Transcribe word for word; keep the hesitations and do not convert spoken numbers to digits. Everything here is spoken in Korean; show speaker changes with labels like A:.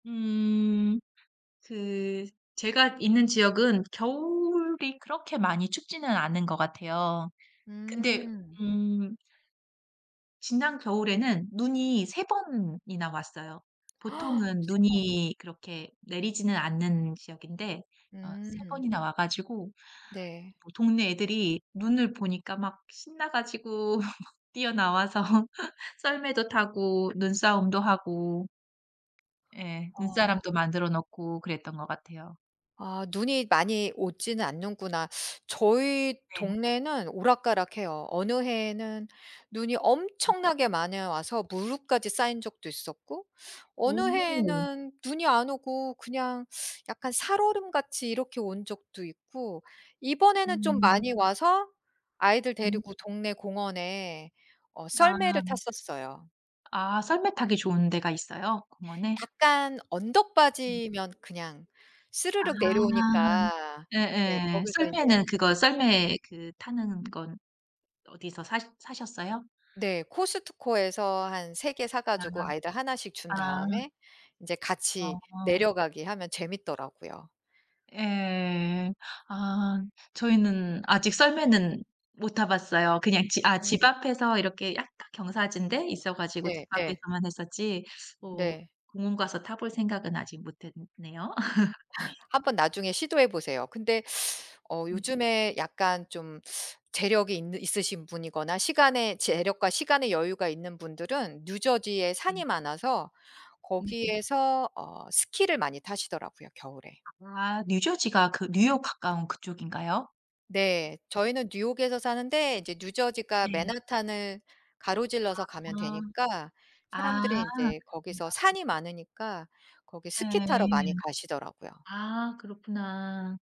A: 음 그 제가 있는 지역은 겨울이 그렇게 많이 춥지는 않은 것 같아요 근데
B: 음.
A: 음 지난 겨울에는 눈이 세 번이나 왔어요. 보통은
B: 세 번.
A: 눈이 그렇게 내리지는 않는 지역인데 어 세
B: 음.
A: 번이나 와 가지고
B: 네.
A: 뭐 동네 애들이 눈을 보니까 막 신나 가지고 뛰어나와서 썰매도 타고 눈싸움도 하고 예
B: 어.
A: 눈사람도 만들어 놓고 그랬던 것 같아요.
B: 아 눈이 많이 오지는 않는구나. 저희
A: 네.
B: 동네는 오락가락해요. 어느 해에는 눈이
A: 음.
B: 엄청나게 많이 와서 무릎까지 쌓인 적도 있었고 어느
A: 오.
B: 해에는 눈이 안 오고 그냥 약간 살얼음같이 이렇게 온 적도 있고 이번에는 좀
A: 음.
B: 많이 와서 아이들
A: 음.
B: 데리고 동네 공원에 어 썰매를
A: 아.
B: 탔었어요.
A: 아 썰매 타기 좋은 데가 있어요 공원에?
B: 약간
A: 음.
B: 언덕바지면 그냥
A: 아.
B: 스르륵 내려오니까 네
A: 예예.
B: 거기서 인제.
A: 썰매는 그거 썰매 그 타는 건 어디서 사 사셨어요?
B: 네 코스트코에서 한 세 개 사 가지고
A: 아.
B: 아이들 하나씩 준
A: 아.
B: 다음에 인제 같이
A: 어어.
B: 내려가기 하면 재밌더라고요.
A: 예. 아 저희는 아직 썰매는 못 타봤어요. 그냥 지 아 집
B: 음.
A: 앞에서 이렇게 약간 경사진 데 있어 가지고 집
B: 네네.
A: 앞에서만 했었지. 뭐
B: 네.
A: 공원 가서 타볼 생각은 아직 못 했네요.
B: 한번 나중에 시도해 보세요. 근데 어
A: 네.
B: 요즘에 약간 좀 재력이 있는 있으신 분이거나 시간의 재력과 시간의 여유가 있는 분들은 뉴저지에
A: 음.
B: 산이 많아서
A: 네.
B: 거기에서 어 스키를 많이 타시더라고요. 겨울에.
A: 아 뉴저지가 그 뉴욕 가까운 그쪽인가요?
B: 네 저희는 뉴욕에서 사는데 이제 뉴저지가
A: 네.
B: 맨하탄을 가로질러서 가면
A: 아.
B: 되니까 사람들은
A: 아
B: 인제
A: 그렇구나.
B: 거기서 산이 많으니까 거기 스키 타러 많이
A: 예.
B: 가시더라고요.
A: 아 그렇구나.